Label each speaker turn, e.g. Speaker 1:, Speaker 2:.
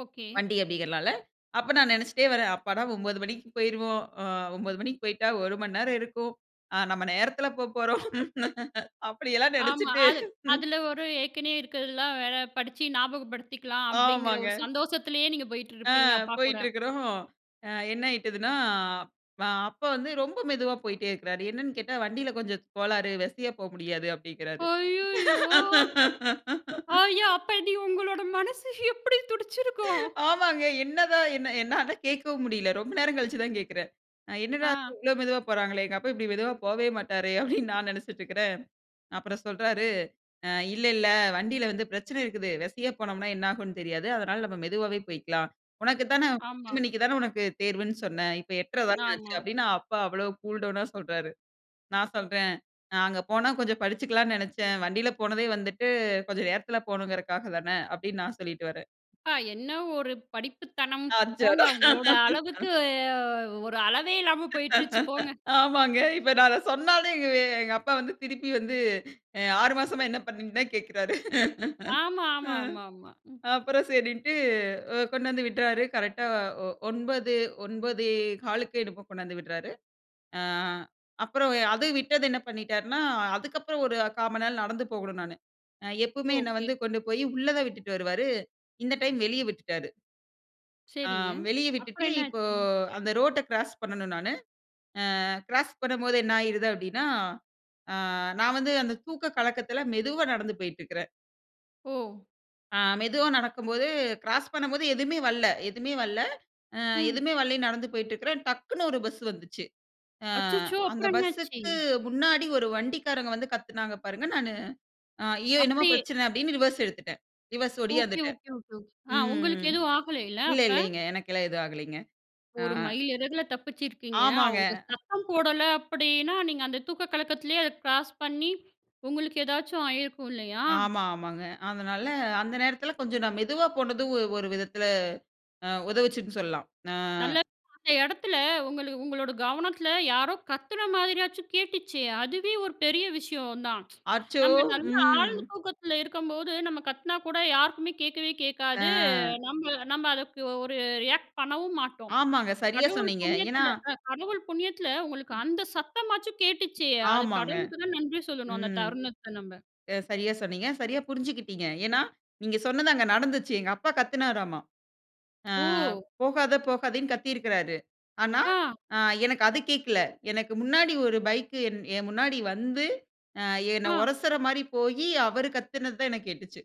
Speaker 1: Okay.
Speaker 2: வண்டி அப்டிங்கிறனால அப்ப நான் நெனைச்சுட்டே வர்றேன், அப்பாடா 9 மணிக்கு போய்ருவோம். ஆ 9 மணிக்கு போய்ட்டா 1 மணி நேரம் இருக்கும். ஆ நம்ம நேரத்தில போப்போறோம் அப்டியெல்லாம்
Speaker 1: ஆமா,
Speaker 2: நெனைச்சுட்டு.
Speaker 1: அது
Speaker 2: ம்.
Speaker 1: அதில ஒரு ஏற்கனவே இருக்கிறதுலாம் வேற படிச்சு ஞாபகப்படுத்திக்கலாம். அப்டிங்கிற
Speaker 2: ஆமாங்க.
Speaker 1: ஒரு சந்தோஷத்திலேயே நீங்க
Speaker 2: ஆ
Speaker 1: போயிட்டுருப்பீங்க அப்பா கூட.
Speaker 2: போய்ட்டுருக்குறோம். என்ன ஆயிட்டதுன்னா, அ அப்ப வந்து ரொம்ப மெதுவா போய்ட்டே இருக்றாரு. என்னன்னு கேட்டா வண்டியில கொஞ்சம் கோளாறு வெசியா போ முடியாது அப்டின்கிறாரு.
Speaker 1: அய்யயோ! ஐயா அப்டி உங்களோட மனசு எப்டி துடிச்சிருக்கும்?
Speaker 2: ஆமாங்க. என்னதான் என்ன என்னால கேட்கவும் முடியல, ரொம்ப நேரம் கழிச்சு தான் கேட்கிறேன். என்னடா
Speaker 1: ஆ.
Speaker 2: இவ்ளோ மெதுவா போறாங்களே எங்க அப்பா இப்டி மெதுவா போவே மாட்டாரே அப்டின்னு நான் நெனைச்சிட்டுருக்கிறேன் அப்புறம் சொல்றாரு அ இல்ல இல்ல வண்டியில வந்து பிரச்சனை இருக்குது. வெசையா போனோம்னா என்ன ஆகும்னு தெரியாது. அதனால நம்ம மெதுவாவே போய்க்கலாம். உனக்கு தானே
Speaker 1: ஆமா.
Speaker 2: 10 மணிக்கு தான உனக்கு தேர்வுன்னு சொன்ன இப்ப 8:30 தான ஆச்சு
Speaker 1: ஆமா.
Speaker 2: அப்டின்னு அப்பா அவ்ளோ கூல் டவுனா சொல்றாரு. நான் சொல்றேன், "நான் அங்க போனா கொஞ்சம் படிச்சுக்கலாம்னு நெனைச்சேன். வண்டியில போனதே வந்துட்டு கொஞ்சம் நேரத்தில போகணுங்கறக்க தானே." அப்டின்னு நான் சொல்லிட்டு வர்றேன்.
Speaker 1: ஆ என்ன ஒரு படிப்புத்தனம், போங்க
Speaker 2: அச்சோடா
Speaker 1: உங்களோட அளவுக்கு ஒரு அளவே இல்லாம போய்டுருச்சு போங்க.
Speaker 2: ஆமாங்க. இப்ப நான் அத சொன்னாலே எங்க அப்பா வந்து திருப்பி வந்து 6 மாசமா என்ன பண்ணீங்கன்னு தான் கேட்குறாரு.
Speaker 1: ஆமா, ஆமா,
Speaker 2: ம்
Speaker 1: ஆமா, ஆமா.
Speaker 2: அப்புறம் சரின்ட்டு அ கொண்டு வந்து விட்டாரு கரெக்ட்டா ஒ 9 9.15 என்னமோ கொண்டு வந்து விடுறாரு. ஆ அப்புறம் அது விட்டது என்ன பண்ணிட்டாருன்னா, அதுக்கப்புறம் ஒரு 1/4 மணி நேரம் நடந்து போகணும் நானு. எப்பவுமே என்னை
Speaker 1: ஒகே.
Speaker 2: வந்து கொண்டு போய் உள்ள தான் விட்டுட்டு வருவாரு, இந்த டைம் வெளியே விட்டுட்டாரு. ஆ
Speaker 1: சரிங்க,
Speaker 2: வெளியே விட்டுட்டு
Speaker 1: அப்புறம்
Speaker 2: இப்போ
Speaker 1: என்னாச்சு?
Speaker 2: அந்த ரோட்ட கிராஸ் பண்ணணும் நானு. ஆ கிராஸ் பண்ணும்போது என்ன ஆயிடுது அப்டின்னா, ஆ நான் வந்து அந்த தூக்க கலக்கத்தில மெதுவா நடந்து போயிட்டுருக்கறேன்.
Speaker 1: ஓ!
Speaker 2: ஆ மெதுவா நடக்கும்போது கிராஸ் பண்ணும்போது, எதுவுமே வல்ல எதுவுமே வல்ல அ
Speaker 1: ம்.
Speaker 2: எதுவுமே வல்லைன்னு நடந்து போயிட்டு இருக்கிறேன் டக்குனு ஒரு பஸ் வந்துச்சு. ஆ
Speaker 1: அச்சச்சோ!
Speaker 2: அந்த
Speaker 1: அப்புறம் என்ன ஆச்சு?
Speaker 2: பஸ்ஸுக்கு முன்னாடி ஒரு வண்டிக்காரங்க வந்து கத்துனாங்க பாருங்க, நானு ஐயோ! என்னமோ
Speaker 1: அப்டி,
Speaker 2: பிரச்சனை அப்டின்னு ரிவர்ஸ் எடுத்துட்டேன். ரிவர்ஸ்
Speaker 1: ஓகே,
Speaker 2: ஓடியாந்துட்டேன்.
Speaker 1: Okay ,okay, okay. ஆ உங்களுக்கு
Speaker 2: ம்.
Speaker 1: எதுவும் ஆகலைல்ல
Speaker 2: இல்ல
Speaker 1: அப்ப?
Speaker 2: இல்லங்க எனக்கெல்லாம் எதுவும் ஆகலைங்க.
Speaker 1: ஒரு மைல் இறகுல
Speaker 2: ஆ.
Speaker 1: தப்பிச்சிருக்கீங்க.
Speaker 2: ஆமாங்க.
Speaker 1: அவங்க சத்தம் போடல அப்டின்னா, நீங்க அந்த தூக்க கலக்கத்திலேயே அத கிராஸ் பண்ணி, உங்களுக்கு ஏதாச்சும் ஆயிருக்கும் இல்லையா?
Speaker 2: ஆமா ஆமாங்க. அதனால அந்த நேரத்தில கொஞ்சம் நான் மெதுவா போனதும் ஒரு விதத்தில அ உதவுச்சுன்னு சொல்லலாம். ஆ.
Speaker 1: நல்ல அந்த எடத்துல உங்கள உங்களோட கவனத்தில யாரோ கத்துன மாதிரியாச்சும் கேட்டுச்சே. அதுவே ஒரு பெரிய விஷயம் தான்.
Speaker 2: அச்சோ!
Speaker 1: நம்ம நல்ல
Speaker 2: ம்.
Speaker 1: ஆழ்ந்த தூக்கத்தில இருக்கும்போது நம்ம கத்துனா கூட, யாருக்குமே கேட்கவே கேட்காது.
Speaker 2: அ.
Speaker 1: நம்ம நம்ம அதுக்கு ஒரு ரியாக்ட் பண்ணவும் மாட்டோம்.
Speaker 2: ஆமாங்க. சரியா,
Speaker 1: கடவுள்
Speaker 2: சொன்னீங்க. ஏன்னா
Speaker 1: புண்ணியத்துல அ கடவுள் புண்ணியத்துல உங்களுக்கு
Speaker 2: ம்.
Speaker 1: அந்த சத்தமாச்சும் கேட்டுச்சே. அது
Speaker 2: ஆமாங்க.
Speaker 1: கடவுளுக்கு தான் நன்றி சொல்லணும் அந்த
Speaker 2: ம்.
Speaker 1: தருணத்த நம்ப.
Speaker 2: ச சரியா, சொன்னீங்க. சரியா, புரிஞ்சுக்கிட்டீங்க. ஏன்னா, நீங்க சொன்னது அங்கு நடந்துச்சு எங்க அப்பா கத்துனாராமா. ஆ
Speaker 1: ஓ!
Speaker 2: போகாத போகாதன்னு கத்தியிருக்கிறாரு. ஆனா,
Speaker 1: ஆ.
Speaker 2: ஆ எனக்கு அது கேட்கல. எனக்கு முன்னாடி ஒரு பைக் என் என் முன்னாடி வந்து ஆ என்னை
Speaker 1: ஆ.
Speaker 2: ஒரசுற மாரி போயி அவரு கத்துனதுதான் எனக்கு கேட்டுச்சு.